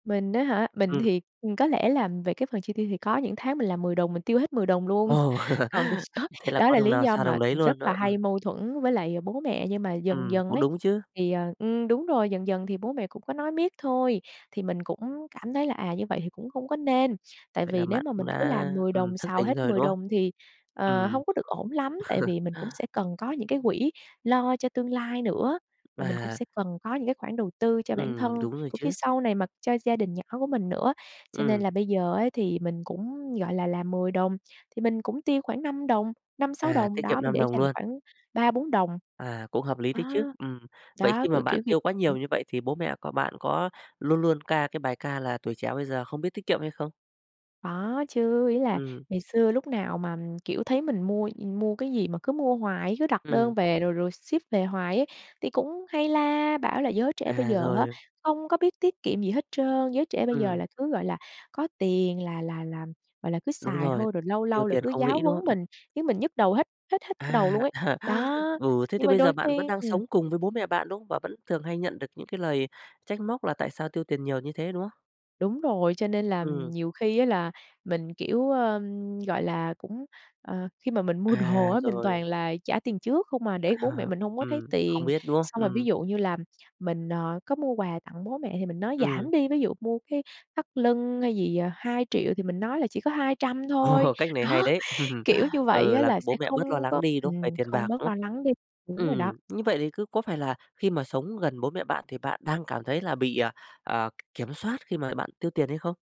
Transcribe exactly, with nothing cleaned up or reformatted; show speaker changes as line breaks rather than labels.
Mình á hả? Mình
Ừm.
thì, ừm, có lẽ là về cái phần chi tiêu thì có những tháng mình làm mười đồng mình tiêu hết mười đồng luôn.
Ồ.
Còn có
Thế là
đó
có
là
đồng
lý
nào
do
xào
mà
đồng đấy
rất
luôn
là
đó, ừm.
hay mâu thuẫn với lại bố mẹ, nhưng mà dần
Ừm,
dần
cũng
ấy
đúng chứ.
thì, à ừm, đúng rồi, dần dần thì bố mẹ cũng có nói miết thôi, thì mình cũng cảm thấy là, à, như vậy thì cũng không có nên. Tại
Vậy là
vì nếu
bạn
mà
cũng
mình cứ
đã,
làm mười
ừm,
đồng
thức
xào
tỉnh
hết
rồi,
mười
đúng không?
đồng thì, ờ,
Ừm.
hông có được ổn lắm. Tại vì mình cũng sẽ cần có những cái quỹ lo cho tương lai nữa, và mình cũng
Và
sẽ cần có những cái khoản đầu tư cho bản thân,
Ừm, đúng rồi
cũng như
chứ.
sau này mà cho gia đình nhỏ của mình nữa. Cho nên
Ừm.
là bây giờ ấy thì mình cũng, gọi là, làm mười đồng thì mình cũng tiêu khoảng năm đồng, năm sáu
À,
đồng,
tiết
đó
kiệm
mình
năm
để
đồng
dành
luôn.
khoảng ba bốn đồng.
À, cũng hợp lý đấy
À,
chứ, ừm. vậy
đó,
khi mà bạn
kiểu, kiểu
tiêu quá nhiều như vậy thì bố mẹ có bạn có luôn luôn ca cái bài ca là tuổi trẻ bây giờ không biết tiết kiệm hay không?
Đó, chứ ý là
Ừm.
ngày xưa lúc nào mà, kiểu, thấy mình mua mua cái gì mà cứ mua hoài, cứ đặt
Ừm.
đơn về rồi rồi ship về hoài ấy thì cũng hay la bảo là "Giới trẻ bây
À,
giờ á
rồi.
không có biết tiết kiệm gì hết trơn, giới trẻ bây giờ
Ừm.
là cứ, gọi là, có tiền là là là, gọi là, cứ
Đúng
xài
rồi,
thôi." Rồi lâu
tiêu
lâu là
tiền
cứ
không
giáo
nghĩ, đúng
huấn
không? Ừm.
mình, khiến mình nhức đầu hết hết hết cả đầu luôn
À.
ấy. Đó,
Ừ, thế thì
nhưng mà
bây giờ
đôi
bạn vẫn
khi
đang
ừm.
sống cùng với bố mẹ bạn, đúng không? Và vẫn thường hay nhận được những cái lời trách móc là tại sao tiêu tiền nhiều như thế, đúng không?
Đúng rồi, cho nên là, ừm,
Ừm.
nhiều khi á là mình, kiểu, ưm, gọi là, cũng, ờ khi mà mình mua đồ
À,
á mình toàn
rồi.
là trả tiền trước không à để bố mẹ
À,
mình hông có thấy
ừm, không
tiền.
biết, đúng không?
Xong rồi ví
Ừm.
dụ như là mình, ờ, có mua quà tặng bố mẹ thì mình nói
Ừm.
giảm đi, ví dụ mua cái thắt lưng hay gì, ờ, hai triệu thì mình nói là chỉ có hai trăm thôi.
Ồ, cách này
Đó,
hay đấy!
kiểu như vậy
Ừ,
á,
làm
là
cho
sẽ
bố mẹ bớt lo
không
lắng
có
đi, đúng về
ừm,
tiền
không
bạc,
bớt
đúng
lo
không?
lắng đi, đúng rồi đó.
Ừm, như vậy thì cứ có phải là khi mà sống gần bố mẹ bạn thì bạn đang cảm thấy là bị, à, ờ, kiểm soát khi mà bạn tiêu tiền hay không?